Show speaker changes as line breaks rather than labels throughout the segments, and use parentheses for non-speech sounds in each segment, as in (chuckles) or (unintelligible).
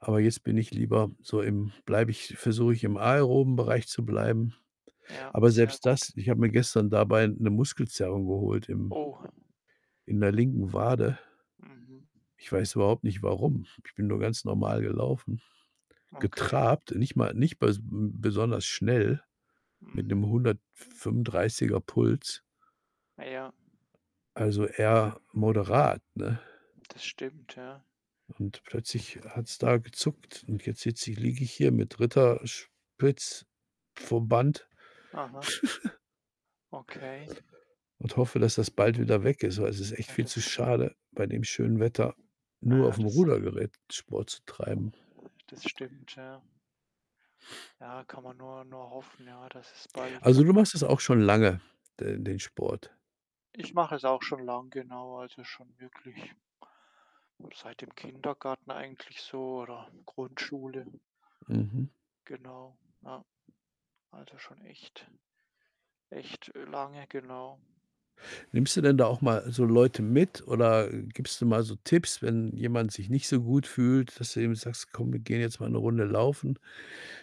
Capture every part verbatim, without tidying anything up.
Aber jetzt bin ich lieber so im bleibe ich versuche ich, im aeroben Bereich zu bleiben.
Ja,
Aber
sehr
selbst
gut.
das ich habe mir gestern dabei 'ne Muskelzerrung geholt im
Oh.
in der linken Wade.
Mhm.
Ich weiß überhaupt nicht warum. Ich bin nur ganz normal gelaufen,
Okay.
getrabt, nicht mal nicht mal nicht be mm, besonders schnell mit 'nem
Mhm.
hundertfünfunddreißiger Puls.
Ah, ja.
Also, eher moderat, ne?
Das stimmt, ja.
Und plötzlich hat's da gezuckt und jetzt sitze ich liege ich hier mit Ritterspitz-Verband
Aha.
(chuckles)
Okay.
und hoffe, dass das bald wieder weg ist. Also, es ist echt
Ah
viel zu
das
schade, bei dem schönen Wetter
Ah,
nur
ja
aufm
das
Rudergerät Sport zu treiben.
Das stimmt, ja.
(sniffs)
Ja, kann man nur nur hoffen, ja, dass es bald
Also, du machst das auch schon lange, den den Sport.
Ich mache es auch schon lange, genau, also, schon wirklich seit dem Kindergarten eigentlich, so oder Grundschule.
Mhm.
Genau, ja. Also, schon echt, äh, echt lange, genau.
Nimmst du denn da auch mal so Leute mit oder, äh, gibst du mal so Tipps, wenn jemand sich nicht so gut fühlt, dass du eben sagst: „Komm, wir gehen jetzt mal 'ne Runde laufen,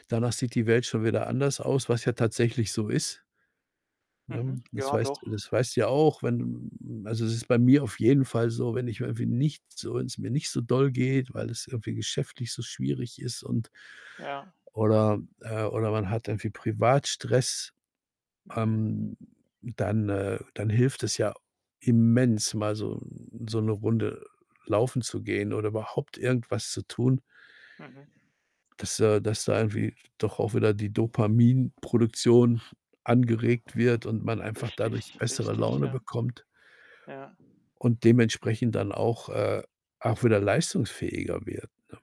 danach sieht die Welt schon wieder anders aus“, was ja tatsächlich so ist. Ne?
Mhm,
Das
ja
weißt d
doch.
das weißt du ja auch, wenn, mm, also es ist bei mir auf jeden Fall so, wenn ich irgendwie nicht so wenn's mir nicht so doll geht, weil es irgendwie geschäftlich so schwierig ist und
Ja.
oder, äh, oder man hat irgendwie privat Stress.
Mhm.
Ähm, dann äh, dann hilft es ja immens, mal so, mm, so 'ne Runde laufen zu gehen oder überhaupt irgendwas zu tun
Mhm.
dass, äh dass da irgendwie doch auch wieder die Dopaminproduktion angeregt wird und man einfach dadurch
Richtig,
bessere
richtig,
Laune
ja.
bekommt
Ja.
und dementsprechend dann auch, äh, auch wieder leistungsfähiger wird, ne?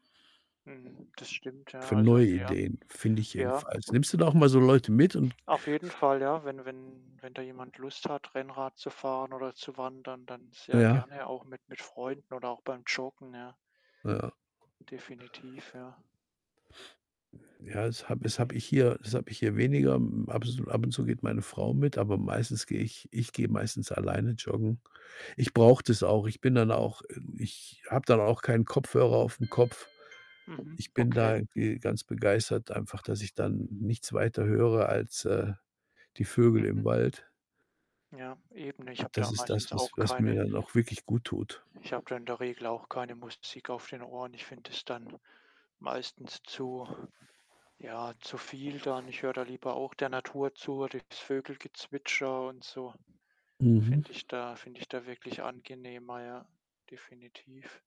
Mhm, das stimmt, ja,
Für
also.
neue
(unintelligible)
Ideen, finde ich
Ja.
jedenfalls. Nimmst du da auch mal so Leute mit? Und
Auf jeden Fall, ja, wenn wenn wenn da jemand Lust hat, Rennrad zu fahren oder zu wandern, dann sehr
Ja.
gerne auch mit mit Freunden oder auch beim Joggen, ja.
Ja.
Definitiv, ja.
Ja, das habe das habe ich
Die
hier das habe ich hier weniger. Ab un zu ab und zu geht meine Frau mit, aber meistens gehe ich ich gehe meistens alleine joggen. Ich brauche das auch. Ich bin dann auch ähm, ich habe dann auch keinen Kopfhörer aufm Kopf.
Mhm,
Ich bin da
okay.
irgendwie ganz begeistert einfach, dass ich dann nichts weiter höre als, äh, die Vögel im
Mhm.
Wald.
Ja, Eben ne? Ich
Und
habe
das
da
ist das,
meistens
was
auch
was mir
keine
dann auch wirklich gut tut.
Ich habe da in der Regel auch keine Musik auf den Ohren. Ich finde das dann meistens zu ja, zu viel dann. Ich höre da lieber auch der Natur zu, oder das Vogelgezwitscher, und so
Mhm.
finde ich da finde ich da wirklich angenehmer, ja, definitiv.